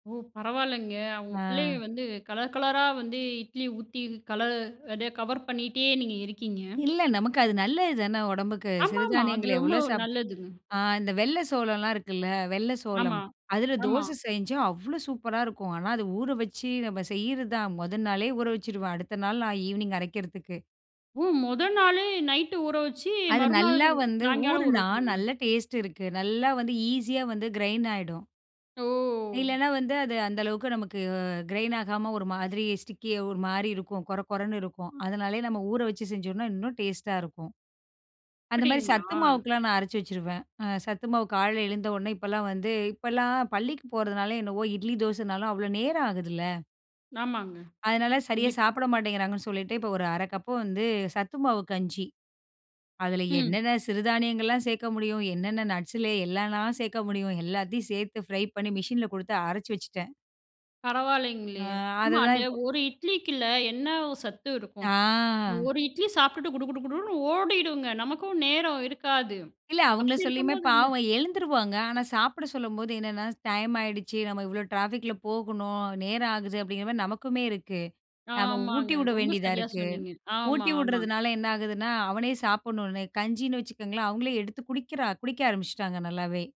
ஓ! பரவாயில்லங்க. அவுங்க பிள்ளைக ஆ. வந்து கலர், கலரா வந்து இட்லி ஊத்தி கலர் அதே கவர் பண்ணிட்டே நீங்க இருக்கீங்க. இல்ல. நமக்கு அது நல்லது தானே! உடம்புக்கு. ஆமா, ஆமா. அது சிறுதானியங்கள் ரொம்ப எவ்வள சாப் நல்லதுங்க. ஆ இந்த வெள்ள சோளம்லாம் இருக்குல்ல. வெள்ள சோளம். ஆமா, அதில ஆமா. தோச செஞ்சா, அவ்ளோ சூப்பரா இருக்கும். ஆனா அத ஊறவச்சி, நம்ம செய்யிறதான். முத நாளே ஊறவச்சிருவேன். அடுத்த நாள் நான் ஈவ்னிங் அரைக்கிறதுக்கு. ஓ! முத நாளே நைட் ஊற வச்சு அது நல்லா மறுநாளு, வந்து சாயங்காலம் ஊற ஊறுன்னா, வைக்கணுமா? நல்ல டேஸ்ட் இருக்கு. நல்லா வந்து ஈசியா வந்து கிரைன் ஆயிடும். ஒ! இல்லன்னா வந்து அது அந்த அளவுக்கு நமக்கு கிரைன் ஆகாம ஒரு மாதிரி ஸ்டிக்கியா ஒருமாரி இருக்கும். கொரகொரன்னு இருக்கும். அதுனாலே நம்ம ஊற வச்சு செஞ்சோன்னா, இன்னும் டேஸ்ட்டா இருக்கும். அந்த மாதிரி சத்து அப்பிடிங்களா? மாவுக்குல்லாம் நான் அரைச்சு வச்சுருவேன். அ சத்து மாவு காலையில எழுந்தவுனே, இப்பல்லாம் வந்து இப்பல்லாம் பள்ளிக்கு போறதுனால என்னவோ! இட்லி தோசனாலும் அவ்ளோ நேரம் ஆகுதுல்ல. ஆமாங்க. அதனா சரியா கண்டிப்பா. சாப்பிட மாட்டேங்கிறாங்கன்னு சொல்லிட்டு, இப்போ ஒரு 1/2 கப்பு வந்து சத்து மாவு கஞ்சி. அதில ம். என்னென்ன சிறுதானியங்கள்லாம் சேர்க்க முடியும்? என்னென்ன நட்ஸ் லே எல்லான்னா சேர்க்க முடியும்? எல்லாத்தையும் சேர்த்து ஃப்ரை பண்ணி மிஷின்ல குடுத்து அரைச்சு வச்சுட்டேன். ஆ, பரவாயில்லேங்களே! ஆமா அதுதான் அந்த இப்போ, ஒரு இட்லிக்கில்ல என்ன சத்து இருக்கும்? ஆ. ஒரு இட்லி சாப்பிட்டுட்டு குடு, குடு, குடுன்னு ஓடிடுங்க. நமக்கும் நேரம் இருக்காது. இல்ல. அவுங்கள அப்பிடி சொல்லியுமே இருக்கும்போது அந்த பாவம் எழுந்துருவாங்க. ஆனா, சாப்பிட சொல்லும்போது என்னென்னா டைம் ஆயிடுச்சு நம்ம இவ்ளோ ட்ராஃபிக் ல போகணும். நேரம் ஆகுது அப்பிடிங்கிறமாரி நமக்குமே இருக்கு. நம்ம ஊட்டி ஆமாங்க. விட ரொம்ப வேண்டியதா சரியா இருக்கு. சொன்னீங்க. ஆமா, ஊட்டி ஆமா. விடுறதுனால என்ன ஆகுதுன்னா, அவனே சாப்பிட்ணுன்னு கஞ்சின்னு வச்சுக்கோங்களேன், அவுங்களே எடுத்து குடிக்கிறா, குடிக்க ஆரம்பிச்சுட்டாங்க நல்லாவே!